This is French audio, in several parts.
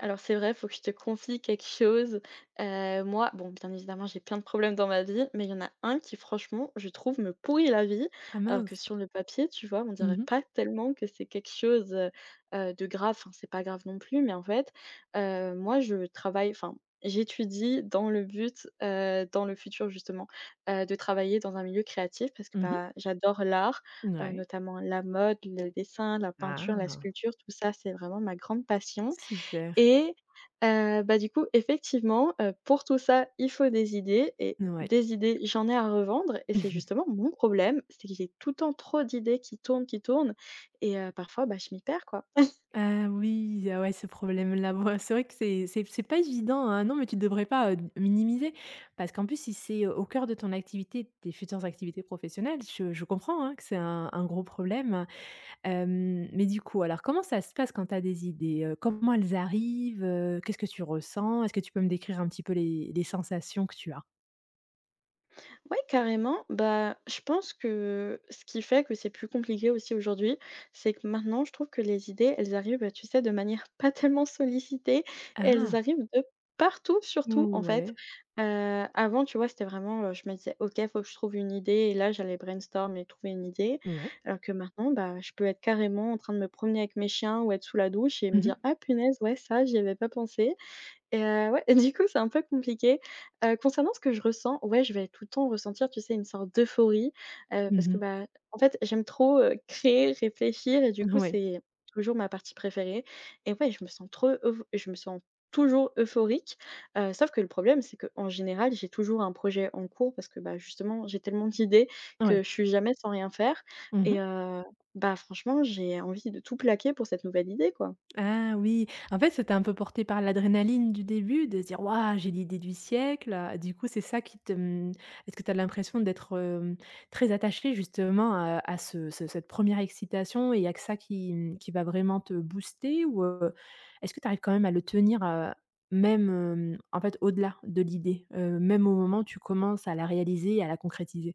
Alors c'est vrai, faut que je te confie quelque chose. Heu, moi bon, bien évidemment, j'ai plein de problèmes dans ma vie, mais il y en a 1 qui franchement, je trouve, me pourrit la vie, Ah alors que mince! sur le papier, tu vois, on Mmh dirait mh. pas tellement que c'est quelque chose, heu heu, de grave, enfin c'est pas grave non plus, mais en fait, heu, moi je travaille enfin j'étudie dans le but, heu- dans le futur justement- heu, de travailler dans un milieu créatif parce que, Mmh mh. bah, j'adore l'art, N heu, ouais. notamment la mode, le dessin, la peinture, la Ah! sculpture, tout ça, c'est vraiment ma grande passion Super. et heu, bah, du coup, effectivement, heu, pour tout ça il faut des idées et N ouais. des idées j'en ai à revendre et c'est justement mon problème, c'est que j'ai tout le temps trop d'idées qui tournent, qui tournent et heu, parfois, bah, je m'y perds quoi. Ah oui, ah ouais, ce problème-là. Bah, c'est vrai que c'est c'est c'est pas évident, hein, non mais tu devrais pas heu, d minimiser, parce qu'en plus si c'est au coeur de ton activité, de tes futures activités professionnelles, je je comprends, hein, que c'est un un gros problème. Hem, mais du coup alors comment ça se passe quand tu as des idées, heu, comment elles arrivent, heu, qu'est-ce que tu ressens? Est-ce que tu peux me décrire un petit peu les les sensations que tu as? Oui, carrément, bah, je pense que ce qui fait que c'est plus compliqué aussi aujourd'hui, c'est que maintenant je trouve que les idées elles arrivent, heu, tu sais, de manière pas tellement sollicitée, elles Ah! arrivent de partout, surtout, Mmh, en fait, ouais. heu, avant, tu vois, c'était vraiment, heu, je me disais: «OK, faut que je trouve une idée!» et là j'allais brainstorm et trouver une idée Ouais. alors que, maintenant, bah, je peux être, carrément, en train de me promener avec mes chiens ou être sous la douche et me Mmh dire: mh. «Ah, punaise, ouais, ça, j'y avais pas pensé!» et heu, ouais et du coup, c'est un peu compliqué, heu, concernant ce que je ressens, ouais, je vais tout le temps ressentir, tu sais, une sorte d'euphorie, heu, parce Mmh que, mh. bah, en fait, j'aime trop, heu, créer, réfléchir et du coup, Ouais. c'est toujours ma partie préférée et ouais, je me sens trop euph je me sens toujours euphorique, heu, sauf que le problème c'est qu'en général j'ai toujours un projet en cours parce que, bah, justement, j'ai tellement d'idées Ouais. que je suis jamais sans rien faire Mmh et mh. heu, bah, franchement, j'ai envie de tout plaquer pour cette nouvelle idée, quoi. Ah oui! En fait, tu sais, tu es un peu portée par l'adrénaline du début de se dire: «Waouh! J'ai l'idée du siècle!», du coup, c'est ça qui te, mmh, est-ce que tu as l'impression d'être, hem, très attachée justement, heu, à ce ce cette 1re excitation et il y a que ça qui, mmh, qui va vraiment te booster ou, heu, est-ce que tu arrives quand même à le tenir, heu, même, hem, en fait, au-delà de l'idée, heu, même au moment où tu commences à la réaliser et à la concrétiser?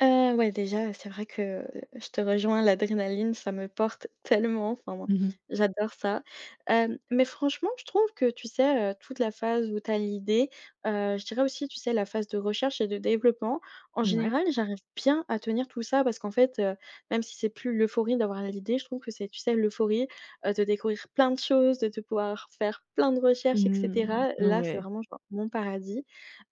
Heu, ouais, déjà, heu, c'est vrai que je te rejoins l'adrénaline, ça me porte tellement! Enfin, moi, Mmh mh. j'adore ça. Hem, mais franchement je trouve que tu sais, heu, toute la phase où tu as l'idée, heu, je dirais aussi, tu sais, la phase de recherche et de développement, en Mouais. général j'arrive bien à tenir tout ça parce qu'en fait, heu, même si c'est plus l'euphorie d'avoir l'idée, je trouve que c'est tu sais, l'euphorie, heu, de découvrir plein de choses de de pouvoir faire plein de recherches et Mmh, cetera. n Là c'est ouais. vraiment genre, mon paradis.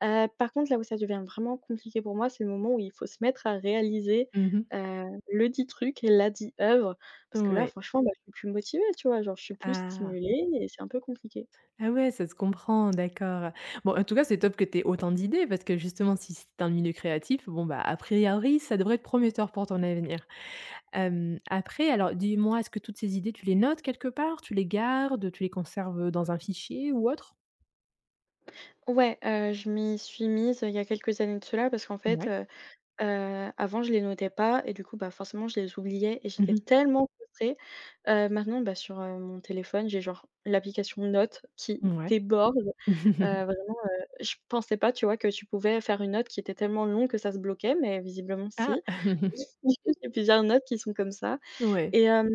Heu, par contre là où ça devient vraiment compliqué pour moi c'est le moment où il faut se mettre à réaliser, Mmh mh. heu, le dit truc, la dit œuvre parce que là Ouais. franchement, bah, je suis plus motivée tu vois? Genre je suis plus Ah. stimulée et c'est un peu compliqué. Ah, ouais, ça se comprend. D'accord. Bon, en tout cas c'est top que tu aies autant d'idées, parce que justement si c'est un milieu créatif, bon, bah, à priori ça devrait être prometteur pour ton avenir. Hem, après, alors dis-moi est-ce que toutes ces idées tu les notes quelque part? Tu les gardes? Tu les conserves, heu, dans un fichier ou autre? Ouais, heu, je m'y suis mise, heu, il y a quelques années de cela parce qu'en fait, Mouais. heu heu, avant je les notais pas et du coup bah, forcément, je les oubliais et Mmh j'étais mh. tellement frustrée. Heu, maintenant, bah, sur, heu, mon téléphone j'ai genre l'application notes qui Mouais. déborde, heu, vraiment, heu, je pensais pas, tu vois, que tu pouvais faire une note qui était tellement longue que ça se bloquait mais visiblement Ah. si. [unintelligible] Plusieurs notes qui sont comme ça Ouais. et hem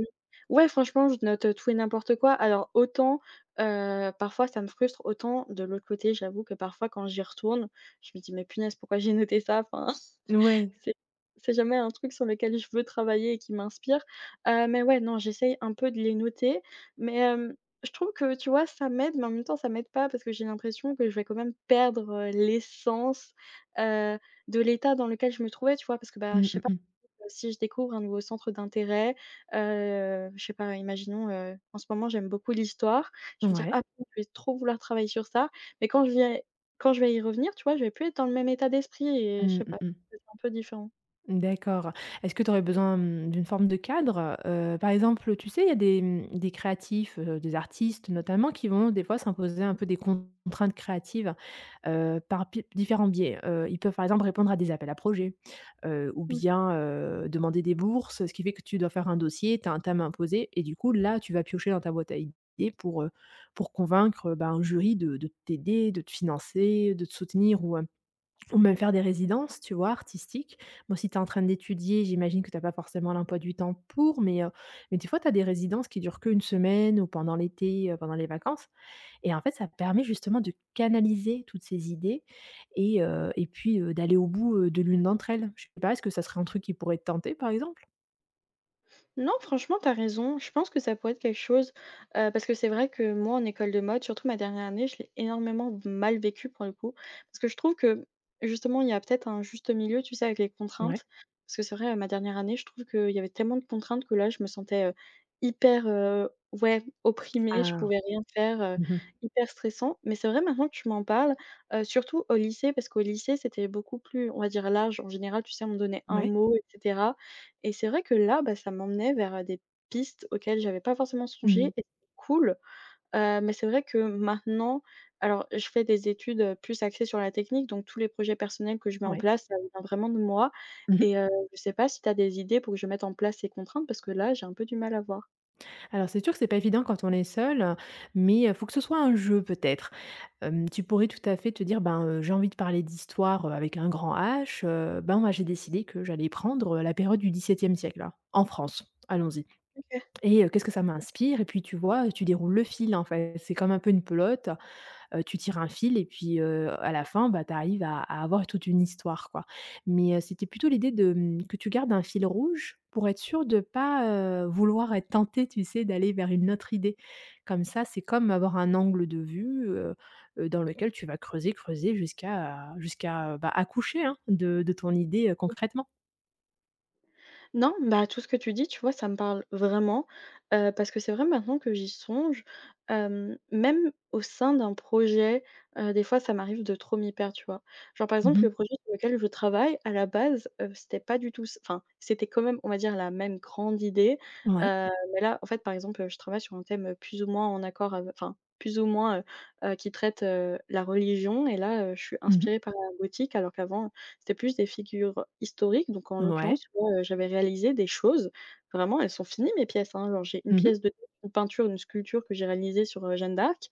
ouais franchement je note, heu, tout et n'importe quoi. Alors autant, heu, parfois ça me frustre, autant de l'autre côté j'avoue que, parfois, quand j'y retourne, je me dis: «Mais punaise pourquoi j'ai noté ça?» Enfin, N ouais. c'est c'est jamais un truc sur lequel je veux travailler et qui m'inspire, heu, mais ouais, non, j'essaye un peu de les noter. Mais, hem, je trouve que tu vois, ça m'aide, mais en même temps ça m'aide pas, parce que j'ai l'impression que je vais quand même perdre, heu, l'essence, heu, de l'état dans lequel je me trouvais, tu vois, parce que, bah, Mmh, je sais mmh pas mh. [unintelligible] si je découvre un nouveau centre d'intérêt heu, je sais pas imaginons heu, en ce moment j'aime beaucoup l'Histoire, je vais dire: «Ah» Ouais. [unintelligible] je vais trop vouloir travailler sur ça, mais quand je vais quand je vais y revenir tu vois, je vais plus être dans le même état d'esprit et je Mmh, sais mmh pas, mh. [unintelligible] un peu différent. Mmh d'accord. Est-ce que tu aurais besoin, mmh, d'une forme de cadre? Heu, par exemple, heu, tu sais, il y a des, mmh, des créatifs, heu, des artistes notamment qui vont des fois s'imposer un peu des contraintes créatives. Heu, par pi différents biais. Heu, ils peuvent, par exemple, répondre à des appels à projets, heu, ou Mmh. bien, heu, demander des bourses. Ce qui fait que tu dois faire un dossier, tu as un thème imposé et du coup là tu vas piocher dans ta boîte à idée pour, heu, pour convaincre, heu, bah, un jury de de t'aider, de te financer, heu, de te soutenir ou, heu, ou même faire des résidences, tu vois, artistiques. Bon si tu es en train d'étudier j'imagine que tu as pas forcément l'emploi du temps pour, mais, heu, mais des fois tu as des résidences qui durent qu'1 semaine ou pendant l'été, heu, pendant les vacances, et en fait ça permet justement de canaliser toutes ces idées et heu, et puis, heu, d'aller au bout, heu, de l'une d'entre elles. Je sais pas, est-ce ce serait un truc qui pourrait te tenter par exemple? Non, franchement, tu as raison, je pense que ça pourrait être quelque chose, heu, parce que c'est vrai que moi en école de mode, surtout ma dernière année, je l'ai énormément v mal vécue, pour le coup, parce que je trouve que, justement, il y a peut-être un juste milieu, tu sais, avec les Ouais. contraintes. Parce que c'est vrai, heu, ma dernière année, je trouve qu'il y avait tellement de contraintes que là, je me sentais, heu, hyper, heu, ouais, opprimée. Je Ah, pouvais rien faire, heu, mmh mh. hyper stressant. Mais c'est vrai, maintenant que tu m'en parles, heu, surtout au lycée, parce qu'au lycée, c'était beaucoup plus, on va dire, large. En général, tu sais, on me donnait un Ouais. mot et cetera, et c'est vrai que là, bah, ça m'emmenait vers, heu, des pistes auxquelles j'avais pas forcément Mmh mh. songé et [unintelligible] cool, heu, mais c'est vrai que maintenant alors, et je fais des études, heu, plus axées sur la technique, donc tous les projets personnels que je mets en Ouais. place, ça vient vraiment de moi Mmh mh. et heu, je sais pas si tu as des idées pour que je mette en place ces contraintes, parce que là, j'ai un peu du mal à voir. Alors, c'est sûr que c'est pas évident quand on est seule, mais, heu, faut que ce soit un jeu peut-être. Hem, tu pourrais tout à fait te dire, ben, heu: «J'ai envie de parler d'Histoire, heu, avec un grand h. Heu, ben moi j'ai décidé que j'allais prendre, heu, la période du 17e siècle en France, allons-y, OK. et heu, qu'est-ce que ça m'inspire?» Et puis, tu vois, heu, tu déroules le fil, en fait, c'est comme un peu une pelote, heu, tu tires un fil et puis, heu, à la fin, bah, tu arrives à à avoir toute une histoire, quoi mais heu, c'était plutôt l'idée de, hem, que tu gardes un fil rouge pour être sûre de pas, heu, vouloir être tentée, tu sais, d'aller vers une autre idée. Comme ça, c'est comme avoir un angle de vue, heu heu, dans lequel tu vas creuser, creuser jusqu'à jusqu'à, bah, accoucher, hein, de de ton idée, heu, Mmh. concrètement. Non, bah, tout ce que tu dis, tu vois, ça me parle vraiment, heu, parce que c'est vrai maintenant que j'y songe, hem, même au sein d'un projet, heu, des fois ça m'arrive de trop m'y perdre, tu vois? Genre, par Mmh exemple, mh. le projet sur lequel je travaille à la base, heu, c'était pas du tout s enfin, c'était quand même, on va dire, la même grande idée, Ouais. heu, mais là, en fait, par exemple, heu, je travaille sur un thème, heu, plus ou moins en accord ave enfin plus ou moins, heu heu, qui traite, heu, la religion et là, heu, je suis Mmh mh. inspirée par la boutique. Alors qu'avant, c'était plus des figures historiques, donc en Ouais. l'occurrence, tu vois, heu, j'avais réalisé des choses. Vraiment, elles sont finies, mes pièces, hein. Genre, j'ai une Mmh mh. pièce de [unintelligible] une peinture, une sculpture que j'ai réalisée sur, heu, Jeanne d'Arc,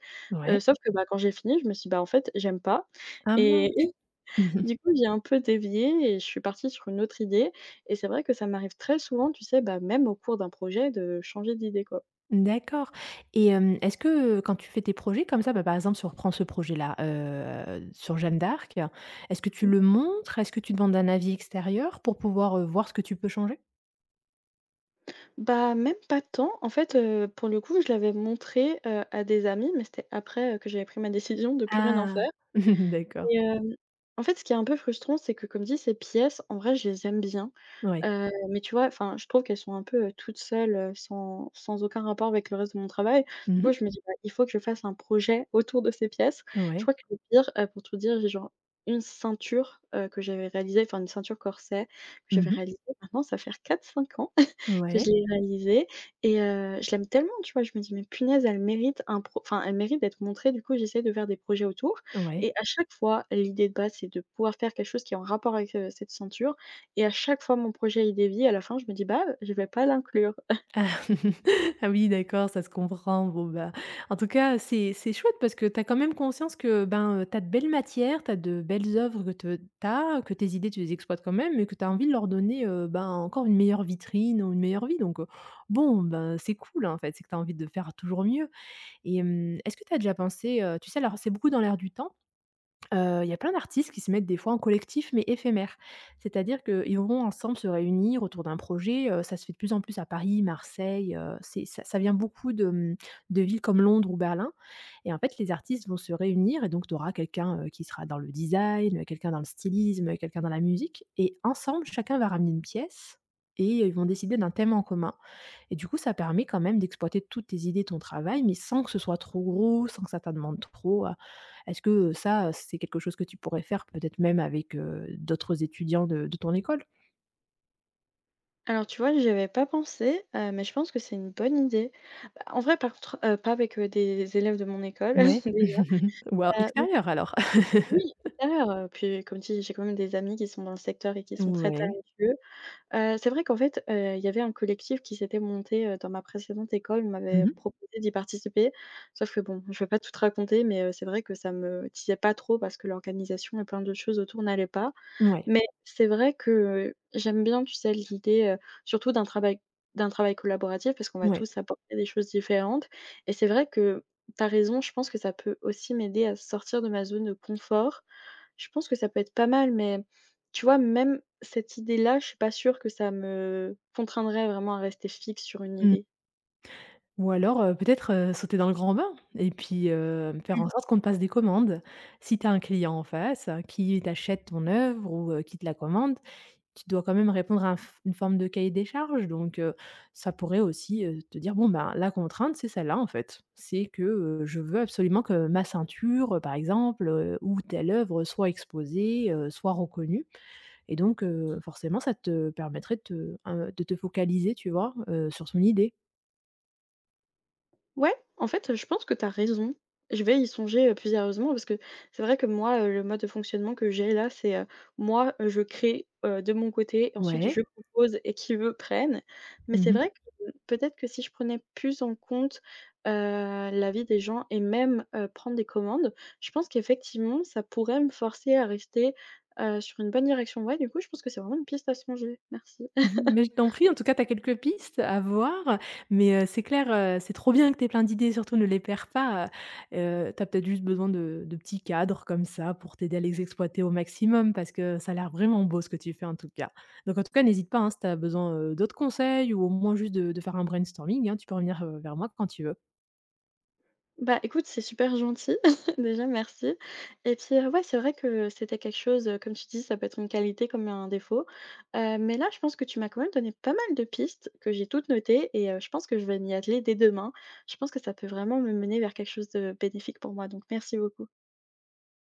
heu, Ouais. sauf que bah, quand j'ai fini, je me suis: «Bah en fait, j'aime pas» Ah et mince! du coup, j'ai un peu dévié et je suis partie sur une autre idée et c'est vrai que ça m'arrive très souvent, tu sais, bah, même au cours d'un projet, de changer d'idée, quoi. D'accord et hem, est-ce que, heu, quand tu fais tes projets comme ça, bah, par exemple, si on reprend ce projet-là, heu, sur Jeanne d'Arc. Est-ce que tu Mmh. le montres? Est-ce que tu demandes un avis extérieur pour pouvoir, heu, voir ce que tu peux changer? Bah, même pas tant. En fait, heu, pour le coup, je l'avais montrée, heu, à des amis, mais c'était après, heu, que j'avais pris ma décision de plus rien en Ah! faire, D'accord. et hem, en fait, ce qui est un peu frustrant, c'est que comme dit, ces pièces en vrai, je les aime bien. Ouais. Heu, mais tu vois, enfin, je trouve qu'elles sont un peu, heu, toutes seules, heu, sans sans aucun rapport avec le reste de mon travail. Mmh Du coup, mh. je me dis: «Bah, il faut que je fasse un projet autour de ces pièces». Je Ouais. crois que le pire, heu, pour tout dire, j'ai genre une ceinture, heu, que j'avais réalisée, enfin une ceinture corset que Mmh j'avais mh. réalisée, maintenant ça va faire 4-5 ans que je Ouais. l'ai réalisée et heu, je l'aime tellement, tu vois? Je me dis: «Mais punaise, elle mérite un pro» enfin, elle mérite d'être montrée, du coup, j'essaie de faire des projets autour Ouais. et à chaque fois l'idée de base, c'est de pouvoir faire quelque chose qui est en rapport avec, heu, cette ceinture et à chaque fois mon projet, il dévie, à la fin, je me dis: «Bah, heu, je vais pas l'inclure». Ah ah oui, d'accord, ça se comprend. Bon ben, en tout cas, heu, c'est c'est chouette, parce que tu as quand même conscience que, ben, heu, tu as de belles matières, tu as de belles œuvres que t tu as, que tes idées tu les exploites quand même, mais que tu as envie de leur donner, heu, ben, encore une meilleure vitrine ou une meilleure vie donc heu, bon, ben, c'est cool, en fait, c'est que tu as envie de faire toujours mieux, et hem, est-ce que tu as déjà pensé, heu, tu sais, alors c'est beaucoup dans l'air du temps. Heu, il y a plein d'artistes qui se mettent des fois en collectif, mais éphémères, c'est-à-dire qu'ils vont ensemble se réunir autour d'un projet. Heu, ça se fait de plus en plus à Paris, Marseille, heu, c'est ça ça vient beaucoup de, mmh, de villes comme Londres ou Berlin et en fait, les artistes vont se réunir et donc, tu auras quelqu'un, heu, qui sera dans le design, quelqu'un dans le stylisme, quelqu'un dans la musique et ensemble, chacun va ramener une pièce, et ils vont décider d'un thème en commun, et du coup ça permet quand même d'exploiter toutes tes idées, ton travail, mais sans que ce soit trop gros, sans que ça ta demande trop. Est-ce que, heu, ça, heu, c'est quelque chose que tu pourrais faire, peut-être même avec, heu, d'autres étudiants de de ton école? Alors tu vois j'y avais pas pensé, heu, mais je pense que c'est une bonne idée. Bah, en vrai, par contre, heu, pas avec des élèves de mon école, Ouais, déjà, voire bah, en fait extérieur alors. oui extérieur, heu et puis comme tu dis, j'ai quand même des amis qui sont dans le secteur et qui sont très Ouais. talentueux. Heu, c'est vrai qu'en fait, heu, il y avait un collectif qui s'était monté, heu, dans ma précédente école. On Mmh m'avait mh. proposé d'y participer, sauf que bon, je vais pas tout te raconter, mais, heu, c'est vrai que ça me disait pas trop parce que l'organisation et plein d'autres choses autour n'allaient pas. Ouais. Mais, c'est vrai que, heu, j'aime bien tu sais l'idée, heu, surtout d'un travail d'un travail collaboratif, parce qu'on va Ouais. tous apporter des choses différentes. Et c'est vrai que, tu as raison, je pense que ça peut aussi m'aider à sortir de ma zone de confort. Je pense que ça peut être pas mal, mais tu vois même cette idée-là, je suis pas sûre que ça me contraindrait vraiment à rester fixe sur une Mmh. idée. Ou alors, heu, peut-être, heu, sauter dans le grand bain et puis, heu, faire Mmh. en sorte qu'on te passe des commandes. Si tu as un client en face, qui t'achète ton œuvre ou, heu, qui te la commande, tu dois quand même répondre à un fo une forme de cahier des charges donc, heu, ça pourrait aussi, heu, te dire: «Bon ben, la contrainte c'est celle-là, en fait. C'est que, heu, je veux absolument que ma ceinture par exemple ou telle œuvre, heu, soit exposée, heu, soit reconnue» et donc, heu, forcément ça te permettrait de te, heu, de te focaliser, tu vois, heu, sur son idée. Ouais, en fait je pense que tu as raison, je vais y songer, heu, plus sérieusement parce que c'est vrai que moi, heu, le mode de fonctionnement que j'ai là, c'est, heu, moi, heu, je crée, heu, de mon côté, et ensuite Ouais. je propose et qui veut prenne, mais Mmh c'est mh. vrai que, hem, peut-être que si je prenais plus en compte, heu, l'avis des gens et même, heu, prendre des commandes, je pense qu'effectivement ça pourrait me forcer à rester, heu, sur une bonne direction. Ouais, du coup, je pense que c'est vraiment une piste à songer, merci. Mais je t'en prie, en tout cas tu as quelques pistes à voir, mais heu, c'est clair, heu, c'est trop bien que tu aies plein d'idées, surtout ne les perds pas, heu heu, tu as peut-être juste besoin de de petits cadres comme ça pour t'aider à les exploiter au maximum parce que ça a l'air vraiment beau ce que tu fais en tout cas, donc en tout cas, n'hésite pas, hein, si tu as besoin, heu, d'autres conseils ou au moins juste de de faire un brainstorming hein, tu peux revenir, heu, vers moi q quand tu veux. Bah, écoute, c'est super gentil, déjà, merci et puis, heu, ouais c'est vrai que c'était quelque chose, heu, comme tu dis ça peut être une qualité comme un défaut. Heu, mais là je pense que tu m'as quand même donné pas mal de pistes que j'ai toutes notées et heu, je pense que je vais m'y atteler dès demain. Je pense que ça peut vraiment me mener vers quelque chose de bénéfique pour moi, donc merci beaucoup.